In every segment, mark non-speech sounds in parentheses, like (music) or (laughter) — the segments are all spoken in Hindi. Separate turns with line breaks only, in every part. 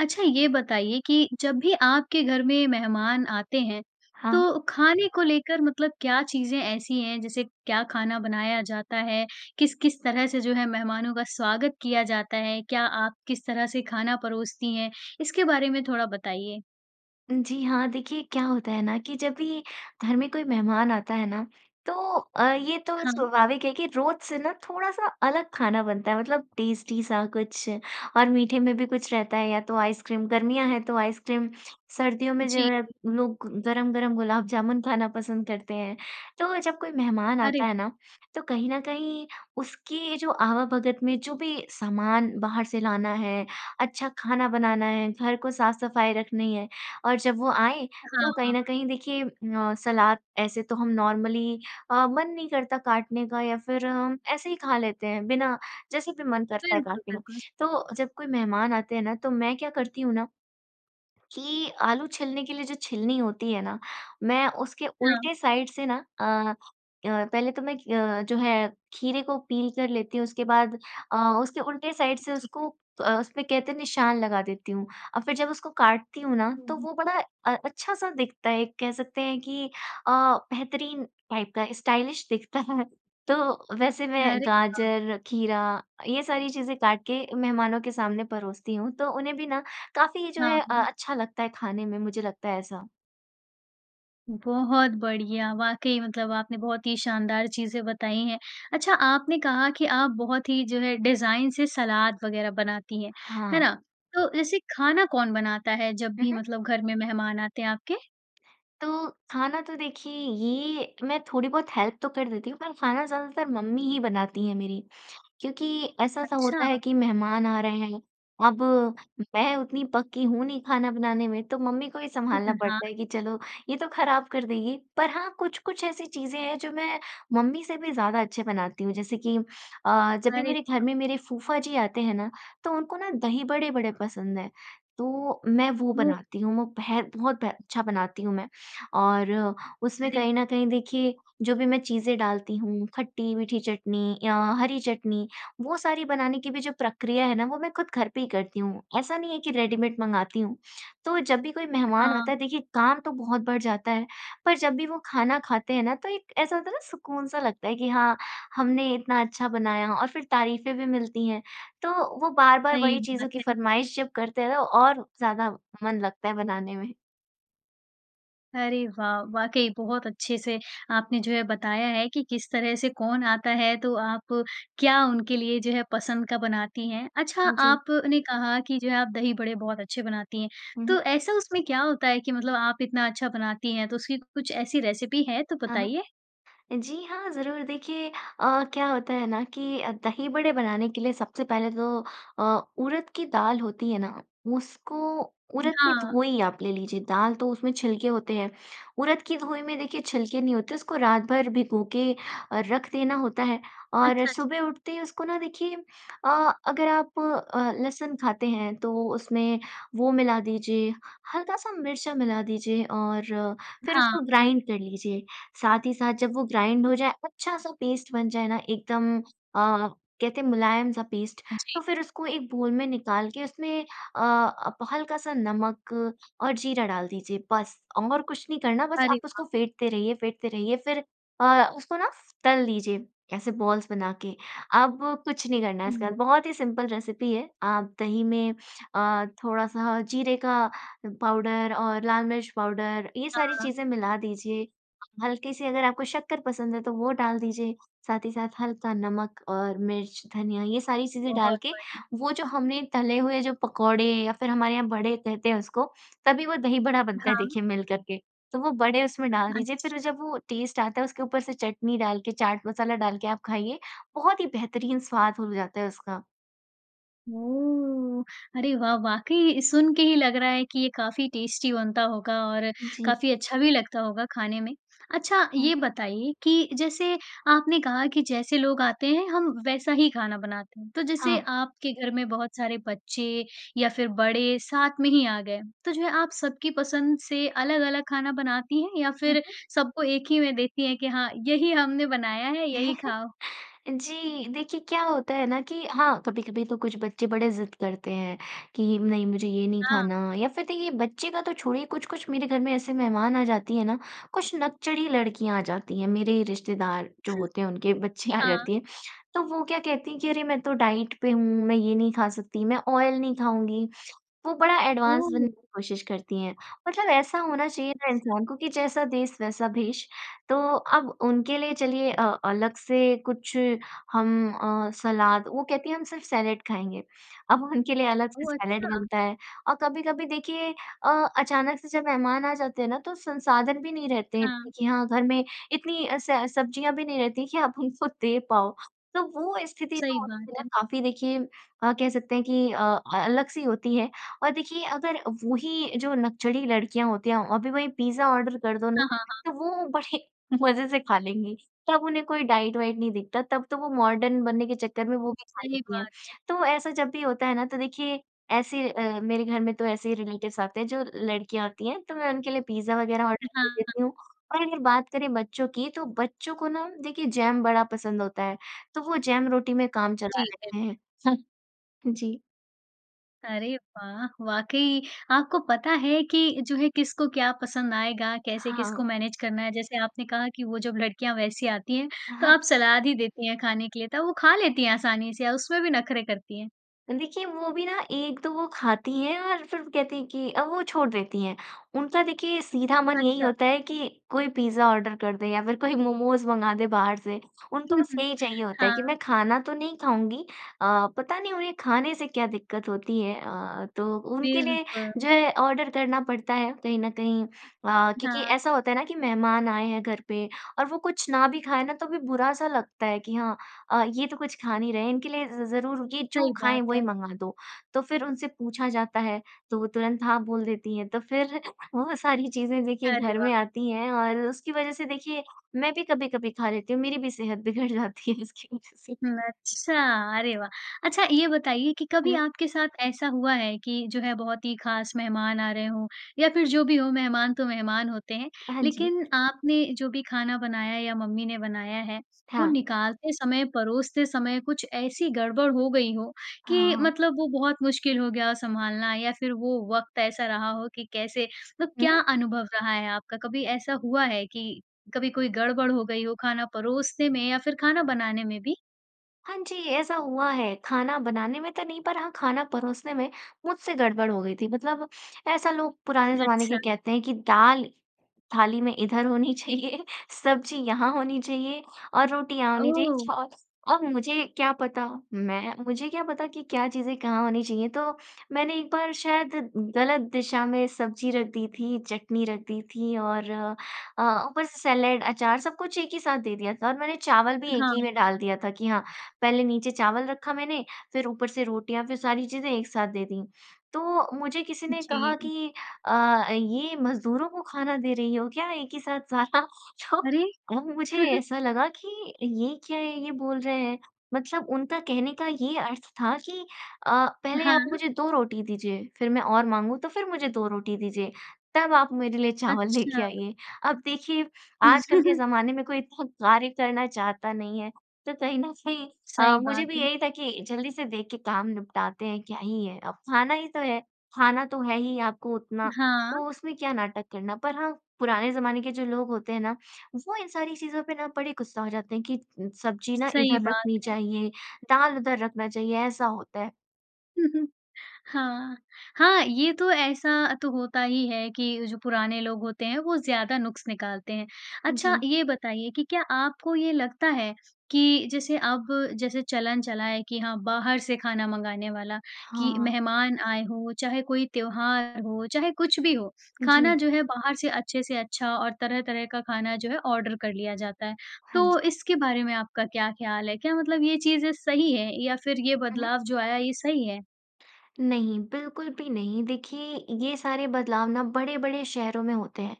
अच्छा ये बताइए कि जब भी आपके घर में मेहमान आते हैं
हाँ।
तो खाने को लेकर मतलब क्या चीज़ें ऐसी हैं जैसे क्या खाना बनाया जाता है? किस-किस तरह से जो है मेहमानों का स्वागत किया जाता है? क्या आप किस तरह से खाना परोसती हैं इसके बारे में थोड़ा बताइए?
जी हाँ, देखिए क्या होता है ना कि जब भी घर में कोई मेहमान आता है ना, तो अ, ये तो
हाँ।
स्वाभाविक है कि रोज़ से ना थोड़ा-सा अलग खाना बनता है मतलब टेस्टी सा कुछ, और मीठे में भी कुछ रहता है या तो आइसक्रीम गर्मियाँ हैं तो आइसक्रीम। सर्दियों में जो
जी।
है लोग गरम-गरम गुलाब जामुन खाना पसंद करते हैं। तो जब कोई मेहमान
अरे!
आता है ना तो कहीं न कहीं उसके जो आवा भगत में जो भी सामान बाहर से लाना है, अच्छा खाना बनाना है, घर को साफ-सफाई रखनी है और जब वो आएँ
हाँ,
तो कहीं
हाँ।
न कहीं देखिए अ, सलाद ऐसे तो हम नॉर्मली अ, मन नहीं करता काटने का या फिर ऐसे ही खा लेते हैं बिना जैसे भी मन करता है
बिल्कुल,
काटने का।
बिल्कुल।
तो जब कोई मेहमान आते हैं ना तो मैं क्या करती हूँ ना कि आलू छीलने के लिए जो छिलनी होती है ना, मैं उसके
हाँ।
उलटे साइड से ना, अ अ, पहले तो मैं ग जो है खीरे को पील कर लेती हूँ उसके बाद अ, उसके उलटे साइड से
ठीक है।
उसको अ, उसपे कहते निशान लगा देती हूँ और फिर जब उसको काटती हूँ ना
हुँ,
तो
हुँ।
वो बड़ा अ अच्छा-सा दिखता है एक कह सकते हैं कि अ, बेहतरीन टाइप का स्टाइलिश दिखता है। तो वैसे मैं
अरे वाह!
गाजर, खीरा ये सारी चीज़ें काट के मेहमानों के सामने परोसती हूँ। तो उन्हें भी ना काफ़ी जो
हाँ,
है अ
हाँ।
अच्छा लगता है खाने में, मुझे लगता है ऐसा।
बहुत बढ़िया! वाक़ई मतलब आपने बहुत ही शानदार चीज़ें बताई हैं। अच्छा आपने कहा कि आप बहुत ही जो है डिज़ाइन से सलाद-वग़ैरह बनाती हैं, है
हाँ।
ना? तो ऐसे खाना कौन बनाता है जब
हुँ,
भी
हुँ।
मतलब घर में मेहमान आते हैं आपके?
तो, खाना तो देखिए ये मैं थोड़ी बहुत हेल्प तो कर देती हूँ पर खाना ज़्यादातर मम्मी ही बनती हैं मेरी। क्योंकि ऐसा-सा होता है
अच्छा।
कि मेहमान आ रहे हैं, अब मैं उतनी पक्की तो हूँ नहीं खाना बनाने में तो मम्मी को ही संभालना
(chuckles) हाँ।
पड़ता है कि चलो ये तो खराब कर देगी। पर हाँ, कुछ-कुछ ऐसी चीज़ें हैं जो मैं मम्मी से भी ज़्यादा अच्छी बनाती हूँ जैसे कि अ, जब भी
अरे
मेरे घर
वाह।
में मेरे फूफाजी आते हैं ना, तो उनको ना दही-बड़े बड़े पसंद हैं। तो मैं वो
हुँ।
बनाती हूँ, म पै है बहुत ब अच्छा बनाती हूँ मैं और उसमें
अरे
कहीं
वाह!
न कहीं देखिए जो भी मैं चीज़ें डालती हूँ, खट्टी-मीठी चटनी या हरी चटनी, वो सारी बनाने की भी जो प्रक्रिया है ना वो मैं ख़ुद घर पे ही करती हूँ। ऐसा नहीं है कि रेडीमेड मँगाती हूँ। तो जब भी कोई मेहमान आता
हाँ।
है देखिए काम तो बहुत बढ़ जाता है पर जब भी वो खाना खाते हैं ना तो एक ऐसा होता है ना सुकून सा लगता है कि हाँ, हमने इतना अच्छा बनाया और फिर तारीफ़ें भी मिलती हैं। तो वो बार-बार
सही
वही
बात
चीज़ों की
है।
फ़रमाइश जब करते हैं तो और ज़्यादा मन लगता है बनाने में।
अरे वाह! वाक़ई बहुत अच्छे से आपने जो है बताया है कि, किस तरह से कौन आता है तो आप क्या उनके लिए जो है पसंद का बनाती हैं। अच्छा
जी।
आप ने कहा कि जो है आप दही बड़े बहुत अच्छे बनाती हैं तो
हुँ।
ऐसा उसमें क्या होता है की मतलब आप इतना अच्छा बनाती हैं। तो उसकी कुछ ऐसी रेसिपी है तो
हाँ, हाँ।
बताइए?
जी हाँ, ज़रूर देखिए अ, क्या होता है ना कि दही बड़े बनाने के लिए सबसे पहले तो अ, उरद की दाल होती है ना उसको
उ,
उरद की
हाँ।
धोई आप ले लीजिए, दाल तो उसमें छिलके होते हैं। उरद की धोई में देखिए छिलके नहीं होते, उसको रात भर भिगोके अ, रख देना होता है और
अच्छा।
सुबह उठते ही उसको ना देखिए अ, अगर आप अ, लहसुन खाते हैं तो उसमें वो मिला दीजिए, हल्का-सा मिर्चा मिला दीजिए और फ़िर
हाँ।
उसको
अ
ग्राइंड कर लीजिए। साथ ही साथ जब वो ग्राइंड हो जाए, अच्छा-सा पेस्ट बन जाए ना एकदम अ, कहते हैं मुलायम-सा पेस्ट
जी।
तो फ़िर उसको एक बाउल में निकाल के उसमें अ, आप हल्का-सा नमक और जीरा डाल दीजिए। बस और कुछ नहीं करना बस
अरे
आप
वाह!
उसको फेंटते रहिए फेंटते रहिए फ़िर अ, उसको ना तल दीजिए ऐसे बॉल्स बनाके। अब कुछ नहीं करना इसके
हुँ।
बाद, बहुत ही सिंपल रेसिपी है। आप दही में अ, थोड़ा-सा जीरे का पाउडर और लाल मिर्च पाउडर, ये सारी
हाँ।
चीज़ें मिला दीजिए। हल्के से अगर आपको शक्कर पसंद है तो वो डाल दीजिए। साथ ही साथ हल्का नमक और मिर्च, धनिया ये सारी चीज़ें डाल
बहुत
के
बढ़ी
वो जो हमने तले हुए जो पकौड़े या फ़िर हमारे यहाँ बड़े कहते हैं उसको तभी वो दही बड़ा बनता है
हाँ।
देखिए मिलकर के तो वो बड़े उसमें डाल दीजिए। फ़िर वो
अच्छा।
जब वो टेस्ट आता है उसके ऊपर से चटनी डाल के, चाट मसाला डाल के आप खाइए बहुत ही बेहतरीन स्वाद हो जाता है उसका।
ओह! अरे वाह! वाक़ई सुनके ही लग रहा है कि ये काफ़ी टेस्टी बनता होगा और
जी।
काफ़ी अच्छा भी लगता होगा खाने में। अच्छा
हुँ।
ये बताइए कि जैसे आपने कहा कि जैसे लोग आते हैं, हम वैसा ही खाना बनाते हैं। तो जैसे
हाँ।
आपके घर में बहुत सारे बच्चे या फ़िर बड़े साथ में ही आ गए। तो जो है आप सबकी पसंद से अलग-अलग खाना बनाती हैं या
हुँ,
फ़िर
हुँ।
सबको एक ही में देती हैं कि हाँ यही हमने बनाया है यही
(chuckles)
खाओ?
जी, देखिए क्या होता है ना कि हाँ, कभी-कभी तो कुछ बच्चे बड़े ज़िद करते हैं कि नहीं मुझे ये नहीं
हाँ।
खाना या फ़िर देखिए बच्चे का तो छोड़िए कुछ-कुछ मेरे घर में ऐसे मेहमान आ जाती हैं ना, कुछ नकचढ़ी लड़कियाँ आ जाती हैं। मेरे रिश्तेदार जो
हुँ,
होते हैं उनके बच्चियाँ आ
हाँ।
जाती हैं। तो वो क्या कहती हैं कि, "अरे! मैं तो डाइट पे हूँ, मैं ये नहीं खा सकती, मैं ऑयल नहीं खाऊँगी।" वो बड़ा एडवांस बनने की
ओह!
कोशिश करती हैं। मतलब ऐसा होना चाहिए ना
अच्छा।
इंसान को कि जैसा देश वैसा भेष। तो अब उनके लिए चलिए अ, अलग से कुछ हम अ, सलाद वो कहती हैं हम सिर्फ़ सैलड खाएँगे। अब उनके लिए अलग से
ओह!
सैलड
अच्छा।
बनता है और कभी-कभी देखिए अ, अचानक से जब मेहमान आ जाते हैं ना तो संसाधन भी नहीं रहते हैं
हाँ।
कि हाँ घर में इतनी स सब्ज़ियाँ भी नहीं रहती कि आप उनको दे पाओ। तो वो स्थिति जो
सही बात
होती है
है।
काफ़ी देखिए अ, कह सकते हैं कि अ अ, अलग-सी होती है और देखिए अगर वो ही जो नकचढ़ी लड़कियाँ होती हैं अभी वही पिज़्ज़ा आर्डर कर दो ना,
हाँ, हाँ, हाँ।
तो वो बड़े मज़े से खा लेंगी। तब उन्हें कोई डाइट वाइट नहीं दिखता तब तो वो मॉर्डन बनने के चक्कर में वो भी खा
सही
लेती हैं।
बात है।
तो ऐसा जब भी होता है ना तो देखिए ऐसे अ, मेरे घर में तो ऐसे ही रिलेटिव्स आते हैं जो लड़कियाँ आती हैं। तो मैं उनके लिए पिज़्ज़ा वग़ैरह आर्डर
उ, हाँ,
कर
हाँ।
देती हूँ और अगर बात करें बच्चों की तो बच्चों को ना देखिए जैम बड़ा पसंद होता है। तो वो जैम रोटी में काम चला
ठीक है।
लेते हैं। हुँ, जी।
अरे वाह! वाक़ई आपको पता है कि जो है किसको क्या पसंद आएगा? कैसे किसको
हाँ।
मैनेज करना है। जैसे आपने कहा कि वो जब लड़कियाँ वैसी आती हैं, तो
(chuckles)
आप सलाद ही देती हैं, खाने के लिए तो वो खा लेती है आसानी से? या उसमें भी नखरे करती हैं?
देखिए वो भी ना एक तो वो खाती हैं और फिर वो कहती हैं कि अ, वो छोड़ देती हैं। उनका देखिए सीधा मन यही
अच्छा।
होता है कि कोई पिज़्ज़ा ऑर्डर कर दो या फिर कोई मोमोज़ मँगा दें बाहर से उनको बस
(chuckles)
यही चाहिए होता है कि
हाँ।
मैं खाना तो नहीं खाऊँगी अ, पता नहीं उन्हें खाने से क्या दिक्कत होती है? अ अ, तो उनके लिए
बिल्कुल।
जो है ऑर्डर करना पड़ता है कहीं न कहीं अ, क्योंकि
हाँ।
ऐसा होता है ना कि मेहमान आए हैं घर पे और वो कुछ ना भी खाएँ ना तो भी बुरा सा लगता है कि हाँ, अ, ये तो कुछ खा नहीं रहे हैं इनके लिए ज़ ज़रूर ये जो
सही
खाएँ
बात
वही
है।
मँगा दो। तो फिर उनसे पूछा जाता है तो वो तुरंत हाँ बोल देती हैं, तो फिर वो सारी चीज़ें देखिए
अरे
घर में
वाह!
आती हैं और उसकी वजह से देखिए मैं भी कभी-कभी खा लेती हूँ, मेरी भी सेहत बिगड़ जाती है उसकी वजह से।
हुँ, अच्छा। अरे वाह! अच्छा ये बताइए कि कभी
हुँ।
आपके साथ ऐसा हुआ है कि जो है बहुत ही खास मेहमान आ रहे हों या फिर जो भी हो मेहमान तो मेहमान होते हैं,
हाँ जी।
लेकिन आपने जो भी खाना बनाया या मम्मी ने बनाया है, वो
था।
निकालते समय, परोसते समय कुछ ऐसी गड़बड़ हो गई हो
हाँ,
कि
हाँ।
मतलब वो बहुत मुश्किल हो गया हो संभालना? या फिर वो वक़्त ऐसा रहा हो कि कैसे मतलब
हुँ?
क्या अनुभव रहा है आपका? कभी ऐसा हुआ है कि कभी कोई गड़बड़ हो गई हो, खाना परोसने में या फिर खाना बनाने में भी?
हाँ जी, ऐसा हुआ है। खाना बनाने में तो नहीं, पर हाँ खाना परोसने में मुझसे गड़बड़ हो गई थी। मतलब ऐसा लोग पुराने ज़माने
अच्छा।
के कहते हैं कि दाल थाली ना इधर होनी चाहिए सब्ज़ी यहाँ होनी चाहिए और रोटी यहाँ होनी चाहिए
ओह!
छास अब मुझे क्या पता। मैं मुझे क्या पता कि क्या चीज़ें कहाँ होनी चाहिए? तो मैंने एक बार शायद ग़लत दिशा में सब्ज़ी रख दी थी, चटनी रख दी थी और अ, ऊपर से सैलेड अचार सब कुछ एक ही साथ दे दिया था और मैंने चावल भी एक
हाँ,
ही में
हाँ।
डाल दिया था कि हाँ पहले नीचे चावल रखा मैंने, फिर ऊपर से रोटियाँ फिर सारी चीज़ें एक साथ दे दी। तो मुझे किसी ने कहा
जी।
कि, "अ, ये मज़दूरों को खाना दे रही हो क्या एक ही साथ सारा?" तो
अरे!
अब मुझे
(chuckles)
ऐसा लगा कि ये क्या है ये बोल रहे हैं, मतलब उनका कहने का ये अर्थ था कि अ, पहले आप
हाँ।
मुझे 2 रोटी दीजिए फिर मैं और माँगू तो फिर मुझे 2 रोटी दीजिए, तब आप मेरे लिए चावल लेके
अच्छा।
आइए। अब देखिए आजकल के
(chuckles)
ज़माने में कोई इतना कार्य करना चाहता नहीं है। तो कहीं न कहीं अ,
सही
मुझे
बात
भी
है।
यही था कि जल्दी से देख के काम निपटाते हैं क्या ही है, अब खाना ही तो है। खाना तो है ही आपको उतना,
हाँ।
तो उसमें क्या नाटक करना? पर हाँ पुराने ज़माने के जो लोग होते हैं ना, वो इन सारी चीज़ों पे ना बड़े गुस्सा हो जाते हैं कि सब्ज़ी ना
सही
इधर
बात
रखनी
है।
चाहिए, दाल उधर रखना चाहिए, ऐसा होता है।
हुँ, हुँ। हाँ। हाँ, ये तो ऐसा तो होता ही है कि जो पुराने लोग होते हैं, वो ज़्यादा नुक़्स निकालते हैं। अच्छा,
जी।
ये बताइए कि क्या आपको ये लगता है कि जैसे अब, जैसे चलन चला है कि हाँ, बाहर से खाना मँगाने वाला, कि
हाँ।
मेहमान आए हों, चाहे कोई त्योहार हो, चाहे कुछ भी हो, खाना
जी।
जो है, बाहर से अच्छे से अच्छा और तरह-तरह का खाना जो है, ऑर्डर कर लिया जाता है।
हाँ जी।
तो इसके बारे में आपका क्या ख़्याल है? क्या मतलब ये चीज़ें सही हैं? या फिर ये
हुँ, हुँ।
बदलाव जो आया, ये सही है?
नहीं, बिल्कुल भी नहीं। देखिए, ये सारे बदलाव ना बड़े-बड़े शहरों में होते हैं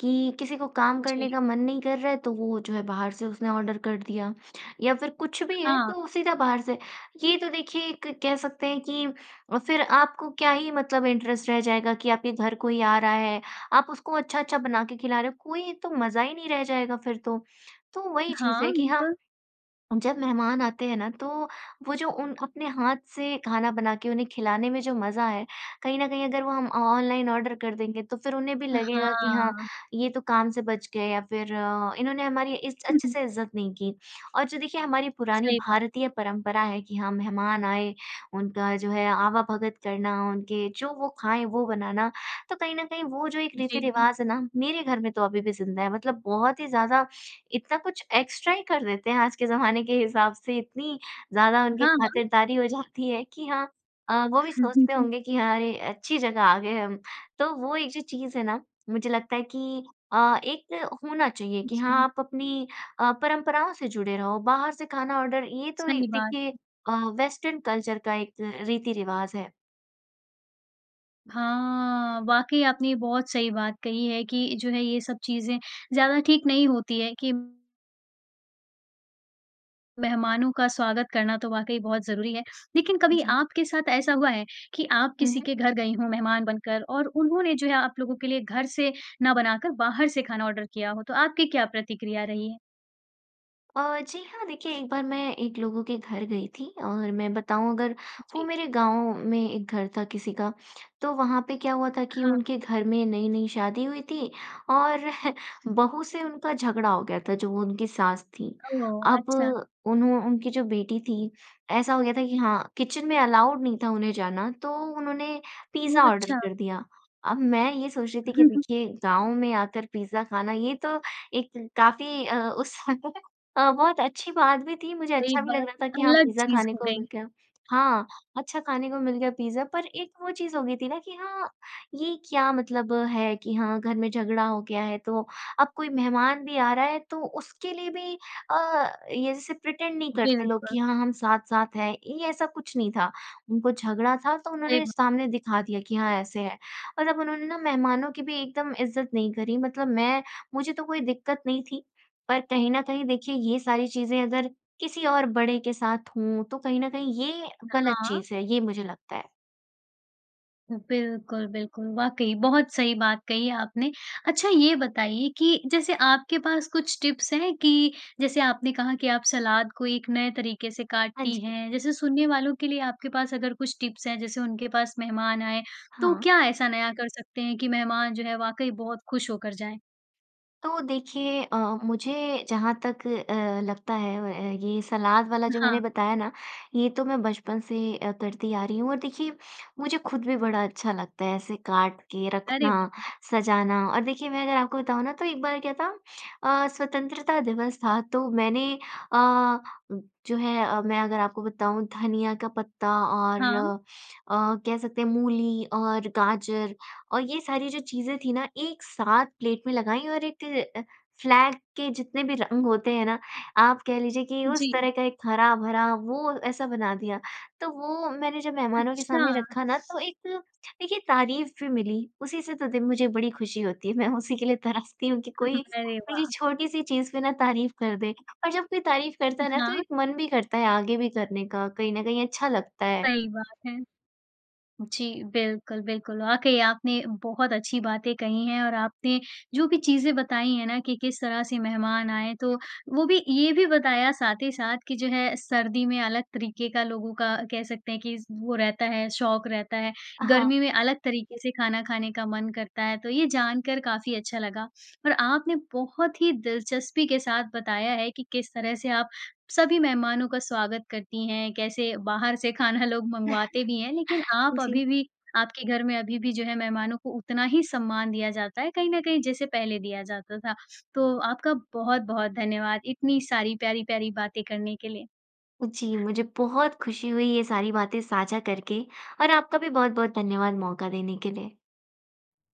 कि, किसी को काम करने
जी।
का मन नहीं कर रहा है, तो वो जो है, बाहर से उसने ऑर्डर कर दिया, या फिर कुछ भी है,
हाँ।
तो सीधा बाहर से। ये तो देखिए, एक कह सकते हैं कि अ, फिर आपको क्या ही मतलब इंटरेस्ट रह जाएगा कि आपके घर कोई आ रहा है। आप उसको अच्छा-अच्छा बना के खिला रहे हो, कोई तो मज़ा ही नहीं रह जाएगा फिर तो। तो वही चीज़ है
हाँ,
कि हाँ,
बिल्कुल।
जब मेहमान आते हैं ना, तो वो जो उन अपने हाथ से खाना बना के, उन्हें खिलाने में जो मज़ा है, कहीं न कहीं अगर वो हम ऑनलाइन ऑर्डर कर देंगे, तो फिर उन्हें भी लगेगा कि, "हाँ,
हाँ।
ये तो काम से बच गए।" या फिर, "इन्होंने हमारी इस
हुँ,
अच्छे
हुँ।
से इज़्ज़त नहीं की।" और जो देखिए, हमारी पुरानी
सही बात।
भारतीय परंपरा है कि हाँ, मेहमान आए, उनका जो है, आवभगत करना उनके, जो वो खाएँ, वो बनाना। तो कहीं न कहीं, वो जो एक
जी, जी।
रीति-रिवाज़ है ना, मेरे घर में तो अभी भी ज़िंदा है। मतलब बहुत ही ज़्यादा, इतना कुछ एक्सट्रा ही कर देते हैं आज के ज़माने के हिसाब से। इतनी ज़्यादा उनकी
हाँ, हाँ।
खातिरदारी हो जाती है कि हाँ अ, वो भी सोचते
(chuckles)
होंगे कि, "हाँ, अरे! अच्छी जगह आ गए हम।" तो वो एक जो चीज़ है ना, मुझे लगता है कि अ, एक होना चाहिए कि हाँ,
जी।
आप अपनी अ, परंपराओं से जुड़े रहो, बाहर से खाना ऑर्डर, ये तो
सही
एक,
बात
देखिए
है।
अ, वेस्टर्न कल्चर का एक रीति-रिवाज़ है।
हाँ, वाक़ई आपने ये बहुत सही बात कही है कि जो है ये सब चीज़ें ज़्यादा ठीक नहीं होती है कि मेहमानों का स्वागत करना तो वाक़ई बहुत ज़रूरी है। लेकिन कभी
जी।
आपके साथ ऐसा हुआ है कि आप
हुँ,
किसी
हुँ।
के घर गईं हों मेहमान बनकर और उन्होंने जो है आप लोगों के लिए घर से ना बनाकर बाहर से खाना ऑर्डर किया हो। तो आपकी क्या प्रतिक्रिया रही है?
अ, जी हाँ देखिए एक बार मैं एक लोगों के घर गई थी और मैं बताऊँ अगर वो
जी।
मेरे गाँव में एक घर था किसी का। तो वहाँ पे क्या हुआ था कि
हाँ।
उनके घर में नई-नई शादी हुई थी और (chuckles) बहू से उनका झगड़ा हो गया था जो वो उनकी सास थी।
ओह!
अब
अच्छा।
उन्हों उनकी जो बेटी थी, ऐसा हो गया था कि हाँ किचन में अलाउड नहीं था उन्हें जाना। तो उन्होंने पिज़्ज़ा
बहुत
ऑर्डर
अच्छा।
कर दिया। अब मैं ये सोच रही थी कि
(chuckles)
देखिए गाँव में आकर पिज़्ज़ा खाना ये तो एक काफ़ी अ, उस (chuckles) अ, बहुत अच्छी बात भी थी। मुझे
सही
अच्छा भी लग
बात।
रहा था कि हाँ
अलग
पिज़्ज़ा
चीज़
खाने
हो
को
गई।
मिल गया हाँ, अच्छा खाने को मिल गया पिज़्ज़ा। पर एक वो चीज़ हो गई थी ना, कि हाँ ये क्या मतलब है कि हाँ घर में झगड़ा हो गया है। तो अब कोई मेहमान भी आ रहा है तो उसके लिए भी अ, ये जैसे प्रिटेंड नहीं करते लोग
बिल्कुल।
कि हाँ, हम साथ-साथ हैं, ये ऐसा कुछ नहीं था। उनको झगड़ा था तो
सही
उन्होंने
ब
सामने दिखा दिया कि हाँ ऐसे है। और अब उन्होंने ना मेहमानों की भी एकदम इज़्ज़त नहीं करी, मतलब मैं मुझे तो कोई दिक्कत नहीं थी। पर कहीं न कहीं देखिए ये सारी चीज़ें अगर किसी और बड़े के साथ हों तो कहीं न कहीं ये ग़लत
हाँ।
चीज़ है, ये मुझे लगता है।
बिल्कुल, बिल्कुल। वाक़ई बहुत सही बात कही है आपने। अच्छा ये बताइए कि जैसे आपके पास कुछ टिप्स हैं कि, जैसे आपने कहा कि आप सलाद को एक नए तरीके से
हाँ
काटती
जी।
हैं जैसे सुनने वालों के लिए आपके पास अगर कुछ टिप्स हैं जैसे उनके पास मेहमान आएँ तो
हाँ।
क्या ऐसा नया कर सकते हैं कि मेहमान जो है वाक़ई बहुत खुश होकर जाएँ?
तो देखिए अ, मुझे जहाँ तक अ, लगता है व अ, ये सलाद वाला
अ,
जो मैंने
हाँ।
बताया ना, ये तो मैं बचपन से अ, करती आ रही हूँ और देखिए मुझे खुद भी बड़ा अच्छा लगता है ऐसे काट के
अरे
रखना,
वाह!
सजाना। और देखिए मैं अगर आपको बताऊँ ना तो एक बार क्या था अ, स्वतंत्रता दिवस था तो मैंने अ, जो है मैं अगर आपको बताऊँ धनिया का पत्ता और
हाँ।
अ, कह सकते हैं मूली और गाजर और ये सारी जो चीज़ें थीं ना एक साथ प्लेट में लगाईं और एक फ्लैग के जितने भी रंग होते हैं ना, आप कह लीजिए कि उस
जी।
तरह का एक हरा-भरा वो ऐसा बना दिया। तो वो मैंने जब मेहमानों के
अच्छा।
सामने रखा ना तो एक देखिए तारीफ़ भी मिली, उसी से दे मुझे बड़ी खुशी होती है। मैं उसी के लिए तरसती हूँ कि कोई
(chuckles) अरे
मेरी
वाह!
छोटी-सी चीज़ पे ना तारीफ़ कर दे। और जब कोई तारीफ़ करता है ना तो
हाँ।
एक मन भी करता है आगे भी करने का, कहीं न कहीं अच्छा लगता है।
सही बात है। जी, बिल्कुल, बिल्कुल। वाक़ई आपने बहुत अच्छी बातें कही हैं और आपने जो भी चीज़ें बताई हैं ना कि किस तरह से मेहमान आएँ तो वो भी ये भी बताया साथ ही साथ कि जो है सर्दी में अलग तरीके का लोगों का कह सकते हैं कि वो रहता है शौक रहता है।
हाँ।
गर्मी में अलग तरीके से खाना खाने का मन करता है, तो ये जानकर काफ़ी अच्छा लगा। और आपने बहुत ही दिलचस्पी के साथ बताया है कि किस तरह से आप सभी मेहमानों का स्वागत करती हैं, कैसे बाहर से खाना लोग मँगवाते भी हैं लेकिन
(chuckles)
आप
जी।
अभी भी आपके घर में अभी भी जो है मेहमानों को उतना ही सम्मान दिया जाता है कहीं न कहीं जैसे पहले दिया जाता था। तो आपका बहुत-बहुत धन्यवाद इतनी सारी प्यारी-प्यारी बातें करने के लिए।
जी, मुझे बहुत खुशी हुई ये सारी बातें साझा करके, और आपका भी बहुत-बहुत धन्यवाद मौक़ा देने के लिए।